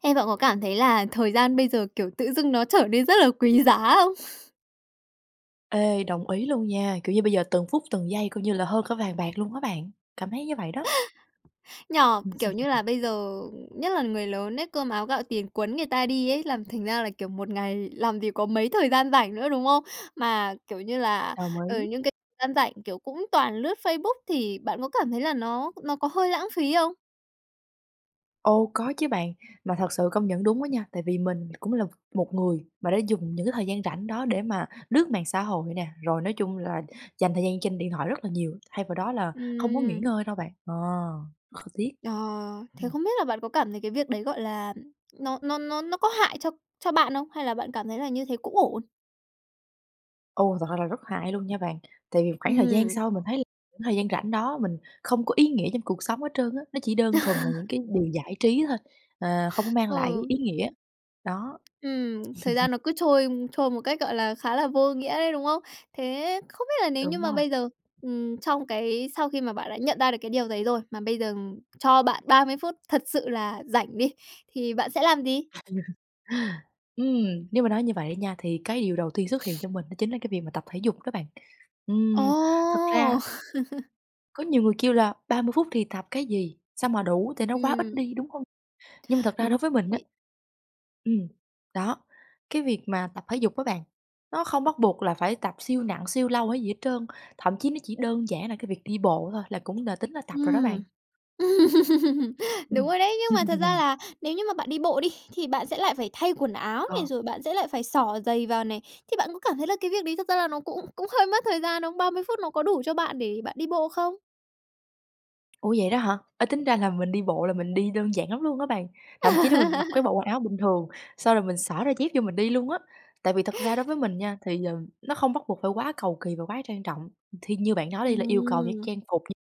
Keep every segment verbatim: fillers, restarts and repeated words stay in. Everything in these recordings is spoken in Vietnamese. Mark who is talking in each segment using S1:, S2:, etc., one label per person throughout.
S1: Ê, bạn có cảm thấy là thời gian bây giờ, kiểu, tự dưng nó trở nên rất là quý giá không?
S2: Ê, đồng ý luôn nha, kiểu, như bây giờ từng phút từng giây coi như là hơn cả vàng bạc luôn á bạn, cảm thấy như vậy đó.
S1: Nhỉ? Kiểu, như là bây giờ nhất là người lớn ấy, cơm áo gạo tiền quấn người ta đi ấy, làm thành ra là, kiểu, một ngày làm gì có mấy thời gian rảnh nữa, đúng không? Mà, kiểu như là,
S2: Đồng
S1: ờ,
S2: ý.
S1: những c gian rảnh, kiểu, cũng toàn lướt Facebook, thì bạn có cảm thấy là nó nó có hơi lãng phí không?
S2: Ồ, có chứ bạn. Mà thật sự công nhận đúng á nha, tại vì mình cũng là một người mà đã dùng những cái thời gian rảnh đó để mà lướt mạng xã hội nè, rồi nói chung là dành thời gian trên điện thoại rất là nhiều, thay vào đó là không có nghỉ
S1: Ừm.
S2: ngơi đâu bạn. Ờ, kh tiếc,
S1: Ờ, thế
S2: ừm.
S1: không biết là bạn có cảm thấy cái việc đấy, gọi là, nó nó nó nó có hại cho cho bạn không? Hay là bạn cảm thấy là như thế cũng ổn?
S2: Ồ, thật ra là rất hại luôn nha bạn, tại vì khoảng thời gian
S1: Ừm.
S2: sau mình thấy thời gian rảnh đó mình không có ý nghĩa trong cuộc sống hết trơn á, nó chỉ đơn thuần là những cái điều giải trí thôi, ờ, không có mang lại cái
S1: Ừ.
S2: ý nghĩa, đó.
S1: Ừm, thời gian nó cứ trôi trôi một cách, gọi là, khá là vô nghĩa ấy, đúng không? Thế không biết là nếu như
S2: Đúng
S1: mà
S2: rồi.
S1: bây giờ, ừm, trong cái sau khi mà bạn đã nhận ra được cái điều đấy rồi mà bây giờ cho bạn ba mươi phút thật sự là rảnh đi, thì bạn sẽ làm gì?
S2: Ừm, nếu mà nói như vậy đó nha, thì cái điều đầu tiên xuất hiện trong mình đó chính là cái việc mà tập thể dục đó bạn.
S1: Ồ!
S2: Ừm, thật ra Có nhiều người kêu là ba mươi phút thì tập cái gì, sao mà đủ tại nó quá ít
S1: Ừm.
S2: đi, đúng hông? Nhưng mà thật ra
S1: Đúng
S2: đối với mình á
S1: vậy.
S2: ừm, đó, cái việc mà tập thể dục á bạn, nó không bắt buộc là phải tập siêu nặng, siêu lâu hay gì hết trơn. Thậm chí nó chỉ đơn giản là cái việc đi bộ thôi là cũng là tính là tập rồi đó
S1: Ừm.
S2: bạn.
S1: Đúng
S2: Ừm.
S1: rồi đấy, nhưng mà thật ra là nếu như mà bạn đi bộ đi thì bạn sẽ lại phải thay quần áo này,
S2: Ờ.
S1: rồi bạn sẽ lại phải xỏ giày vào này, thì bạn có cảm thấy là cái việc đấy thật ra là nó cũng cũng hơi mất thời gian không? ba mươi phút nó có đủ cho bạn để bạn đi bộ không?
S2: Ủa vậy đó hả? Ê, tính ra là mình đi bộ là mình đi đơn giản lắm luôn á bạn, thậm chí là mình mặc cái bộ quần áo bình thường, xong rồi mình xỏ đôi dép vô mình đi luôn á. Tại vì thật ra đối với mình nha thì, ờ, nó không bắt buộc phải quá cầu kì và quá trang trọng, thì như bạn nói đi là yêu cầu những
S1: Ừm.
S2: trang phục [unintelligible]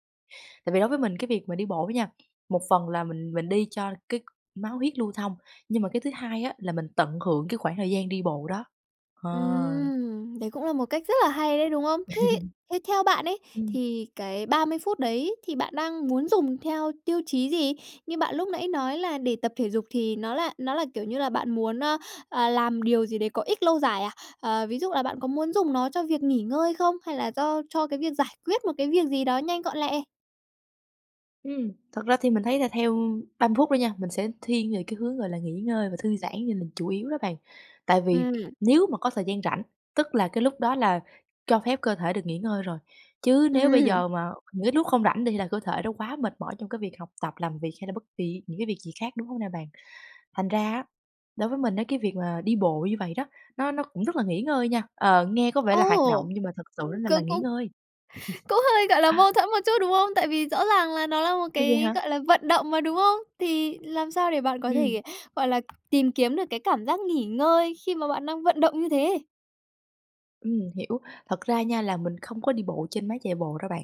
S2: tại vì đối với mình cái việc mà đi bộ á nha, một phần là mình mình đi cho cái máu huyết lưu thông, nhưng mà cái thứ hai á là mình tận hưởng cái khoảng thời gian đi bộ đó, ờ.
S1: Ừm, đấy cũng là một cách rất là hay đấy, đúng không? Thế thế theo bạn ấy,
S2: Ừm.
S1: thì cái ba mươi phút đấy thì bạn đang muốn dùng theo tiêu chí gì? Như bạn lúc nãy nói là để tập thể dục thì nó là nó là, kiểu như là, bạn muốn, ơ, ờ, làm điều gì đấy có ích lâu dài à? Ờ, ví dụ là bạn có muốn dùng nó cho việc nghỉ ngơi không? Hay là do cho cái việc giải quyết một cái việc gì đó nhanh gọn lẹ?
S2: Ừ, thật ra thì mình thấy là theo ba mươi phút đó nha, mình sẽ thiên về cái hướng, gọi là, nghỉ ngơi và thư giãn về mình chủ yếu đó bạn. Tại vì
S1: Ừm.
S2: nếu mà có thời gian rảnh, tức là cái lúc đó là cho phép cơ thể được nghỉ ngơi rồi. Chứ nếu bây
S1: Ừm.
S2: giờ mà những cái lúc không rảnh đi là cơ thể nó quá mệt mỏi trong cái việc học tập, làm việc hay là bất kì những cái việc gì khác, đúng không nè bạn? Thành ra á, đối với mình á, cái việc mà đi bộ như vậy đó, nó nó cũng rất là nghỉ ngơi nha. Ờ, nghe có vẻ
S1: Ồ!
S2: là hoạt động nhưng mà thực sự
S1: Ư,
S2: á mà là
S1: c
S2: nghỉ
S1: cũng
S2: ngơi.
S1: cũng hơi, gọi là,
S2: Ờ.
S1: mâu thuẫn một chút, đúng không? Tại vì rõ ràng là nó là một
S2: [unintelligible]
S1: cái,
S2: ha.
S1: gọi là, vận động mà, đúng không? Thì làm sao để bạn có
S2: Ừm.
S1: thể, gọi là, tìm kiếm được cái cảm giác nghỉ ngơi khi mà bạn đang vận động như thế?
S2: Ừm, hiểu. Thật ra nha là mình không có đi bộ trên máy chạy bộ đâu bạn.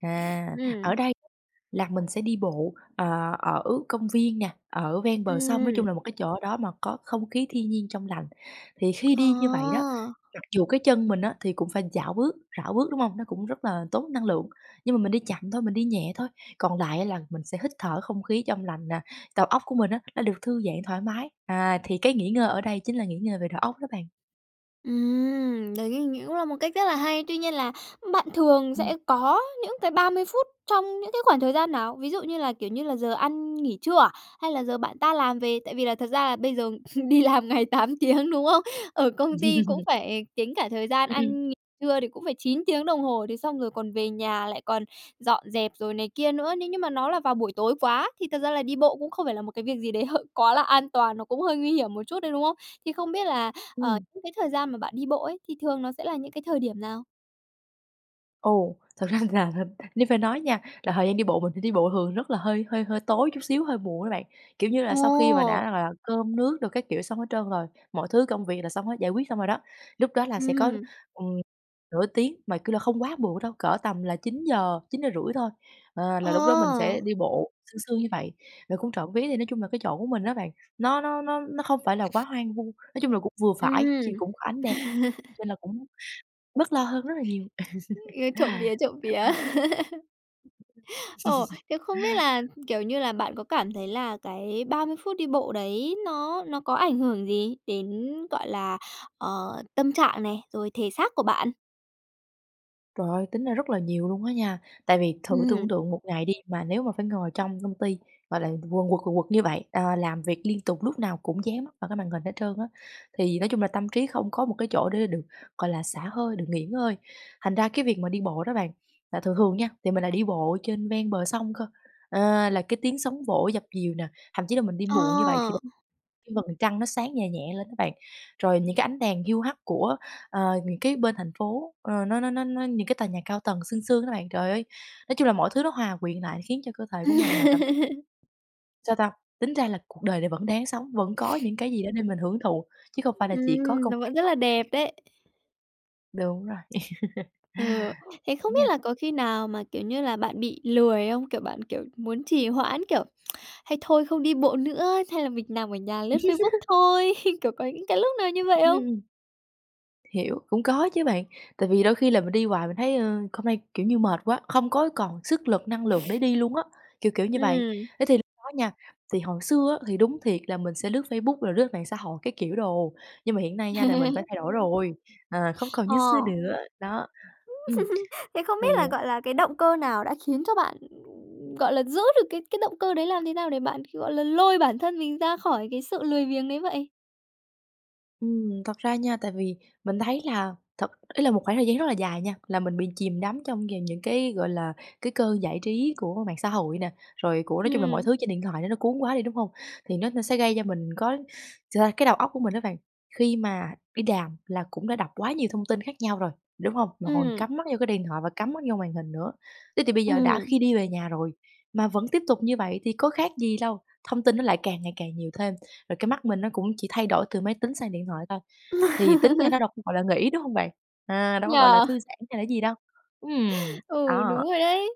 S2: À, ở
S1: Ừm.
S2: đây là mình sẽ đi bộ, ờ, ở công viên nè, ở ven bờ sông, nói chung
S1: Ừm.
S2: là một cái chỗ đó mà có không khí thiên nhiên trong lành. Thì khi
S1: Ờ.
S2: đi như vậy đó, mặc dù cái chân mình á, thì cũng phải chảo bước rảo bước, đúng hông? Nó cũng rất là tốn năng lượng, nhưng mà mình đi chậm thôi, mình đi nhẹ thôi, còn lại á, là mình sẽ hít thở không khí trong lành nè, tầu óc của mình á, nó được thư giãn thoải mái. À, thì cái nghỉ ngơi ở đây chính là nghỉ ngơi về đầu óc đó bạn.
S1: Ừm, đấy ng cũng là một cách rất là hay. Tuy nhiên là bạn thường
S2: Ừm.
S1: sẽ có những cái ba mươi phút trong những cái khoảng thời gian nào? Ví dụ như là, kiểu, như là giờ ăn nghỉ trưa à? Hay là giờ bạn tan làm về? Tại vì là thật ra là bây giờ đi làm ngày tám tiếng, đúng không? Ở công ty cũng phải tính cả thời gian
S2: Ừm, ừm.
S1: ăn nghỉ trưa thì cũng phải chín tiếng đồng hồ, thế xong rồi còn về nhà lại còn dọn dẹp, rồi này kia nữa. Nếu nhưng mà nó là vào buổi tối quá thì thật ra là đi bộ cũng không phải là một cái việc gì đấy h quá là an toàn, nó cũng hơi nguy hiểm một chút đấy, đúng không? Thì không biết là, ờ,
S2: Ừm.
S1: những cái thời gian mà bạn đi bộ ấy, thì thường nó sẽ là những cái thời điểm nào?
S2: Ồ, thật ra là nếu phải nói nha, là thời gian đi bộ mình phải đi bộ thường rất là hơi hơi hơi tối chút xíu, hơi muộn á bạn. Kiểu như là, sau khi mà đã
S1: Ồ.
S2: rằng là cơm nước đồ các kiểu xong hết trơn rồi, mọi thứ công việc là xong hết, giải quyết xong rồi đó, lúc đó là sẽ có,
S1: Ừm.
S2: ừm, nửa tiếng, mà, kiểu là, không quá muộn đâu, cỡ tầm là chín giờ, chín giờ rưỡi thôi, ờ,
S1: Ờ!
S2: là lúc đó mình sẽ đi bộ, sương sương như vậy. Rồi cũng trộm vía thì nói chung là cái chỗ của mình á bạn, nó nó nó nó không phải là quá hoang vu, nói chung là cũng vừa phải ch
S1: Ừm.
S2: cũng có ánh đèn, nên là cũng bớt lo hơn rất là nhiều.
S1: Ừm, trộm vía, trộm vía.
S2: Đó.
S1: Ồ, thế không biết là, kiểu như là, bạn có cảm thấy là cái ba mươi phút đi bộ đấy nó nó có ảnh hưởng gì đến, gọi là, ờ, tâm trạng này, rồi thể xác của bạn?
S2: Trời ơi! Tính ra rất là nhiều luôn á nha, tại vì thử
S1: Ừm.
S2: tưởng tượng một ngày đi mà nếu mà phải ngồi trong công ty, gọi là, quần quật, quần quật như vậy, ờ, làm việc liên tục lúc nào cũng dán mắt vào cái màn hình hết trơn á, thì nói chung là tâm trí không có một cái chỗ để được, gọi là, xả hơi, được nghỉ ngơi. Thành ra cái việc mà đi bộ đó bạn, là thường thường nha, thì mình lại đi bộ trên ven bờ sông cơ, ờ, là cái tiếng sóng vỗ dập dìu nè, thậm chí là mình đi muộn như vậy thì
S1: Ờ!
S2: [unintelligible] cái vầng trăng nó sáng nhè nhẹ lên á bạn, rồi những cái ánh đèn hiu hắt của, ờ, những cái bên thành phố, ờ, nó nó nó nó những cái tòa nhà cao tầng sương sương á bạn. Trời ơi! Nói chung là mọi thứ nó hòa quyện lại khiến cho cơ thể của mình là cảm thấy Sao ta? Tính ra là cuộc đời này vẫn đáng sống, vẫn có những cái gì đó để mình hưởng thụ, chứ không phải là chỉ có
S1: Ừm,
S2: công
S1: nó vẫn
S2: việc
S1: rất
S2: không,
S1: là
S2: kiểu
S1: đẹp
S2: kiểu
S1: đấy.
S2: Đúng rồi,
S1: Ừ. Thế không
S2: đúng
S1: biết
S2: nha.
S1: là có khi nào mà, kiểu như là, bạn bị lười không? Kiểu, bạn, kiểu, muốn trì hoãn, kiểu, hay thôi không đi bộ nữa, hay là mình nằm ở nhà lướt Facebook thôi, kiểu, có những cái lúc nào như vậy không?
S2: Ừm. Hiểu, cũng có chứ bạn, tại vì đôi khi là mình đi hoài mình thấy, ơ, hôm nay, kiểu như, mệt quá, không có còn sức lực, năng lượng để đi luôn á, kiểu kiểu như vậy.
S1: Ừm.
S2: Thế thì lúc đó nha, thì hồi xưa á thì đúng thiệt là mình sẽ lướt Facebook, rồi lướt mạng xã hội các kiểu đồ, nhưng mà hiện nay nha là mình phải thay đổi rồi, à, không còn
S1: Ờ.
S2: như xưa nữa. Đó, ừm,
S1: Thế không biết
S2: thì,
S1: là,
S2: ờ
S1: gọi là, cái động cơ nào đã khiến cho bạn, gọi là, giữ được cái cái động cơ đấy, làm thế nào để bạn, gọi là, lôi bản thân mình ra khỏi cái sự lười biếng đấy vậy?
S2: Ừm, thật ra nha, tại vì mình thấy là thật ý là một khoảng thời gian rất là dài nha, là mình bị chìm đắm trong g những cái, gọi là, cái cơn giải trí của mạng xã hội nè, rồi của nói chung là mọi
S1: Ừm.
S2: thứ trên điện thoại đó nó cuốn quá đi, đúng hông? Thì nó nó sẽ gây cho mình có thực ra cái đầu óc của mình á bạn, khi mà đi đàm là cũng đã đọc quá nhiều thông tin khác nhau rồi, đúng hông? Mà còn
S1: Ừm.
S2: cắm mắt vô cái điện thoại và cắm mắt vô màn hình nữa, thế thì bây giờ đã
S1: Ừm.
S2: khi đi về nhà rồi mà vẫn tiếp tục như vậy thì có khác gì đâu. Thông tin nó lại càng ngày càng nhiều thêm, rồi cái mắt mình nó cũng chỉ thay đổi từ máy tính sang điện thoại thôi, thì tính ra nó đâu có, gọi là, nghỉ, đúng hông bạn? À, đâu có,
S1: Nhỉ?
S2: gọi là, thư giãn hay là cái gì đâu ừm,
S1: Ừ,
S2: đó.
S1: đúng rồi đấy.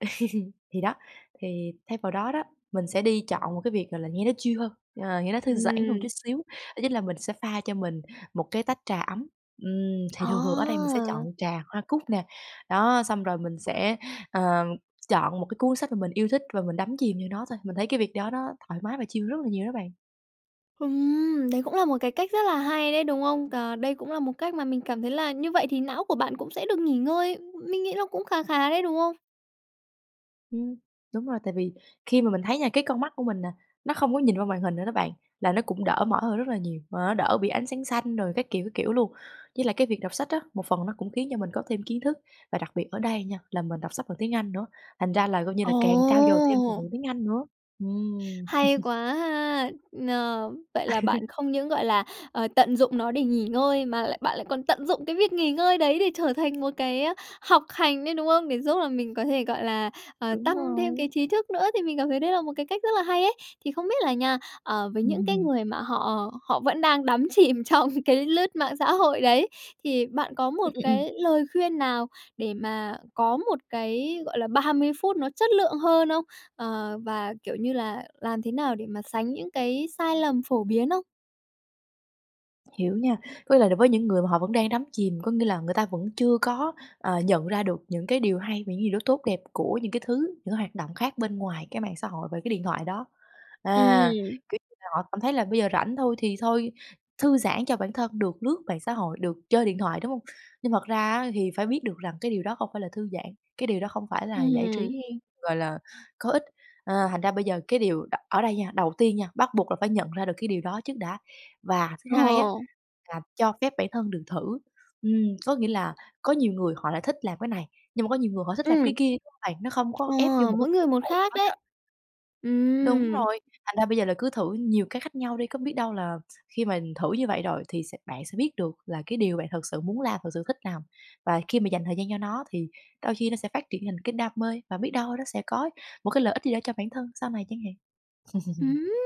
S2: Thì đó, thì thay vào đó đó, mình sẽ đi chọn một cái việc, gọi là, nghe nó chill hơn, ờ, nghe nó thư giãn hơn ừn chút
S1: Ừm.
S2: xíu, đó chính là mình sẽ pha cho mình một cái tách trà ấm. Ừm, thì thường thường ở đây mình sẽ chọn
S1: Ờ.
S2: trà hoa cúc nè, đó, xong rồi mình sẽ, ờ, chọn một cái cuốn sách mà mình yêu thích và mình đắm chìm vô nó thôi. Mình thấy cái việc đó nó thoải mái và chill rất là nhiều đó bạn.
S1: Ừm, đấy cũng là một cái cách rất là hay đấy, đúng không? Ờ, đây cũng là một cách mà mình cảm thấy là như vậy thì não của bạn cũng sẽ được nghỉ ngơi, mình nghĩ nó cũng khá khá đấy, đúng không?
S2: Ừm, đúng rồi, tại vì khi mà mình thấy nha, cái con mắt của mình nè nó không có nhìn qua màn hình nữa đó bạn là nó cũng đỡ mỏi hơn rất là nhiều, mà nó đỡ bị ánh sáng xanh rồi các kiểu, các kiểu luôn. Với lại cái việc đọc sách á, một phần nó cũng khiến cho mình có thêm kiến thức và đặc biệt ở đây nha là mình đọc sách bằng tiếng Anh nữa, thành ra là coi như là càng trau dồi thêm từ
S1: Ồ.
S2: vựng tiếng Anh nữa. Ừm.
S1: Hay quá ha, ờ, vậy là bạn không những, gọi là, ờ, tận dụng nó để nghỉ ngơi mà lại bạn lại còn tận dụng cái việc nghỉ ngơi đấy để trở thành một cái, ơ, học hành đấy, đúng không? Để giúp là mình có thể, gọi là, ờ,
S2: Đúng
S1: tăng thêm
S2: rồi.
S1: cái trí thức nữa thì mình cảm thấy đấy là một cái cách rất là hay ấy. Thì không biết là nha, ờ, với những cái người mà họ họ vẫn đang đắm chìm trong cái lướt mạng xã hội đấy thì bạn có một
S2: Ừm, ừm, ừm.
S1: cái lời khuyên nào để mà có một cái, gọi là, ba mươi phút nó chất lượng hơn không? Ờ, và, kiểu, như là làm thế nào để mà sánh những cái sai lầm phổ biến không?
S2: Hiểu nha, có lẽ là với những người mà họ vẫn đang đắm chìm, có nghĩa là người ta vẫn chưa có, ờ, nhận ra được những cái điều hay và những gì nó tốt đẹp của những cái thứ những hoạt động khác bên ngoài cái mạng xã hội và cái điện thoại đó. À,
S1: Ừm.
S2: kiểu, như là họ cảm thấy là bây giờ rảnh thôi thì thôi thư giãn cho bản thân được lướt mạng xã hội được chơi điện thoại, đúng hông? Nhưng thật ra á, thì phải biết được rằng cái điều đó không phải là thư giãn, cái điều đó không phải là giải
S1: Ừm.
S2: trí, gọi là, có ích, à, thành ra bây giờ cái điều đ ở đây nha, đầu tiên nha bắt buộc là phải nhận ra được cái điều đó trước đã. Và thứ hai á
S1: Ồ.
S2: là cho phép bản thân được thử, ừm, có nghĩa là có nhiều người họ lại thích làm cái này, nhưng mà có nhiều người họ thích làm
S1: Ừm.
S2: cái kia, đúng hông bạn? Nó không có
S1: Ồ,
S2: ép vô một cái
S1: mỗi người
S2: khuôn
S1: một
S2: khổ nào
S1: khác
S2: hết
S1: đấy.
S2: á. Đúng
S1: Ừm.
S2: rồi, thành ra bây giờ là cứ thử nhiều cách khác nhau đi, có biết đâu là khi mà thử như vậy rồi thì sẽ bạn sẽ biết được là cái điều bạn thực sự muốn làm thật sự thích làm. Và khi mà dành thời gian cho nó, thì đôi khi nó sẽ phát triển thành cái đam mê và biết đâu nó sẽ có một cái lợi ích gì cho bản thân sau này chẳng hạn.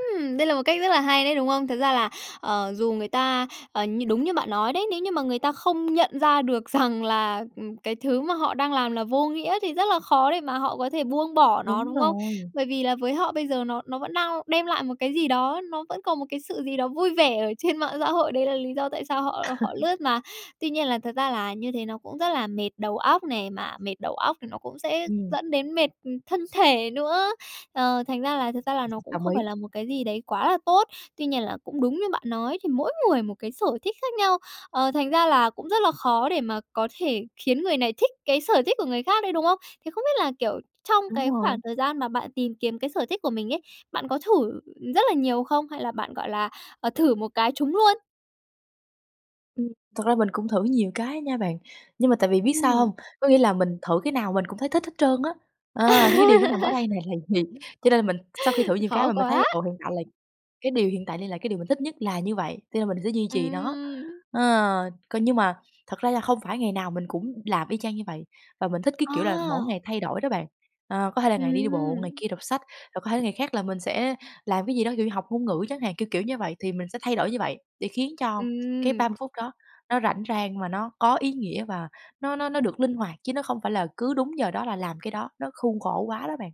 S1: Đây là một cách rất là hay đấy, đúng không? Thật ra là, ờ, dù người ta, ờ, như đúng như bạn nói đấy nếu như mà người ta không nhận ra được rằng là, ừm, cái thứ mà họ đang làm là vô nghĩa thì rất là khó để mà họ có thể buông bỏ nó,
S2: Đúng
S1: đúng không?
S2: rồi.
S1: Bởi vì là với họ bây giờ nó nó vẫn đang đem lại một cái gì đó, nó vẫn còn một cái sự gì đó vui vẻ ở trên mạng xã hội đấy là lý do tại sao họ họ lướt mà. Tuy nhiên là thật ra là như thế nó cũng rất là mệt đầu óc này, mà mệt đầu óc thì nó cũng sẽ
S2: Ừm.
S1: dẫn đến mệt, ừm, thân thể nữa, ờ, thành ra là thực ra là nó cũng
S2: Đồng
S1: không phải
S2: ý.
S1: là một cái gì đấy quá là tốt. Tuy nhiên là cũng đúng như bạn nói thì mỗi người một cái sở thích khác nhau, ờ, thành ra là cũng rất là khó để mà có thể khiến người này thích cái sở thích của người khác đấy, đúng không? Thì không biết là, kiểu, trong
S2: Đúng
S1: cái khoảng
S2: rồi.
S1: thời gian mà bạn tìm kiếm cái sở thích của mình ấy, bạn có thử rất là nhiều không hay là bạn, gọi là, ờ, thử một cái trúng luôn?
S2: Ừm, thật ra mình cũng thử nhiều cái á nha bạn, nhưng mà tại vì biết sao hông?
S1: Ừm.
S2: Có nghĩa là mình thử cái nào mình cũng thấy thích hết trơn á, ờ, thì cái điều đó nằm ở đây nè là gì, cho nên là mình sau khi thử nhiều cái
S1: Khó
S2: mà mình thấy
S1: quá!
S2: là, ừ, hiện tại là cái điều hiện tại đây là cái điều mình thích nhất là như vậy, cho nên mình sẽ duy trì nó.
S1: Ừm.
S2: Ờ, còn nhưng mà thật ra là không phải ngày nào mình cũng làm y chang như vậy, và mình thích cái kiểu là mỗi
S1: À.
S2: ngày thay đổi đó bạn! Ờ, có thể là ngày này đi bộ, ngày
S1: Ừm.
S2: kia đọc sách, rồi có thể là ngày khác là mình sẽ làm cái gì đó, kiểu như, học ngôn ngữ chẳng hạn, kiểu kiểu như vậy. Thì mình sẽ thay đổi như vậy để khiến cho cái
S1: Ừm.
S2: ba mươi phút đó nó rảnh rang và nó có ý nghĩa, và nó nó nó được linh hoạt chứ nó không phải là cứ đúng giờ đó là làm cái đó, nó khuôn khổ quá đó bạn.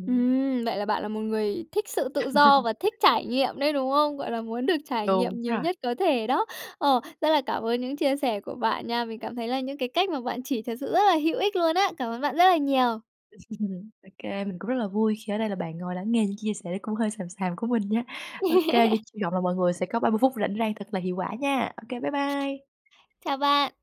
S2: Ừm.
S1: Ừm, vậy là bạn là một người thích sự tự do và thích trải nghiệm đấy, đúng không? Gọi là, muốn được trải
S2: Đúng
S1: nghiệm nhiều
S2: rồi.
S1: nhất có thể đó. Ồ, rất là cảm ơn những chia sẻ của bạn nha, mình cảm thấy là những cái cách mà bạn chỉ thật sự rất là hữu ích luôn á! Cảm ơn bạn rất là nhiều.
S2: Ô kê, mình cũng rất là vui khi ở đây là bạn ngồi lắng nghe những chia sẻ nó cũng hơi xàm xàm của mình nha. Ô kê, thì hy vọng là mọi người sẽ có ba mươi phút rảnh rang thật là hiệu quả nha. Ô kê, bye bye.
S1: Chào bạn.